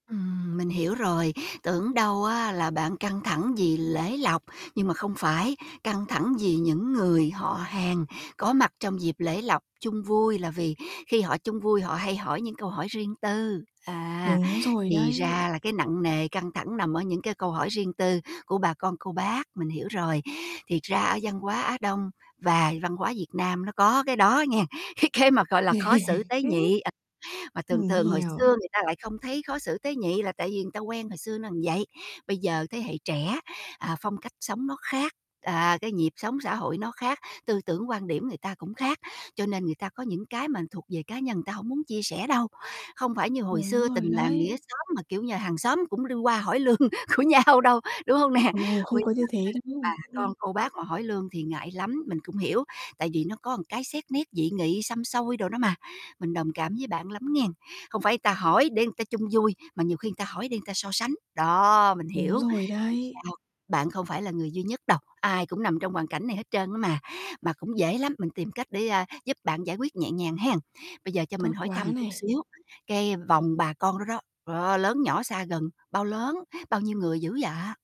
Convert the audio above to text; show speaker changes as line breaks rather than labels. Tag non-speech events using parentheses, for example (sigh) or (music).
Ừm, mình hiểu rồi, tưởng đâu á là bạn căng thẳng vì lễ lộc, nhưng mà không phải căng thẳng vì những người họ hàng có mặt trong dịp lễ lộc chung vui, là vì khi họ chung vui họ hay hỏi những câu hỏi riêng tư. À,
Đúng rồi
thì
đấy.
ra là cái nặng nề, căng thẳng nằm ở những cái câu hỏi riêng tư của bà con cô bác, mình hiểu rồi. Thiệt ra ở văn hóa Á Đông và văn hóa Việt Nam nó có cái đó nghen cái cái mà, gọi là, khó xử tế nhị, à, mà
(laughs)
thường
Mình
thường hồi xưa
hiểu.
người ta lại không thấy khó xử tế nhị là tại vì người ta quen hồi xưa nó vậy, bây giờ thế hệ trẻ, à, phong cách sống nó khác, à, cái nhịp sống xã hội nó khác, tư tưởng quan điểm người ta cũng khác, cho nên người ta có những cái mà thuộc về cá nhân người ta hổng muốn chia sẻ đâu. Không phải như hồi
Đúng
xưa tình
rồi
làng nghĩa
đấy.
xóm mà, kiểu như, hàng xóm cũng đi qua hỏi lương của nhau đâu, đúng hông nè?
Ồ, không
Bây
có
giờ
như thế
các
đâu.
bà
Ừm.
con cô bác mà hỏi lương thì ngại lắm, mình cũng hiểu tại vì nó có cái xét nét dị nghị xăm xôi đồ đó mà, mình đồng cảm với bạn lắm nghen, không phải ta hỏi để ta chung vui mà nhiều khi ta hỏi để ta so sánh. Đó, mình hiểu,
Đúng rồi
hông
đấy.
sao bạn không phải là người duy nhất đâu, ai cũng nằm trong hoàn cảnh này hết trơn á mà. Mà cũng dễ lắm mình tìm cách để, à, giúp bạn giải quyết nhẹ nhàng hen. Bây giờ cho
Tốt
mình hỏi thăm
quá
chút
này.
xíu cái vòng bà con đó đó. Đó, lớn nhỏ xa gần bao lớn, bao nhiêu người dữ vậy?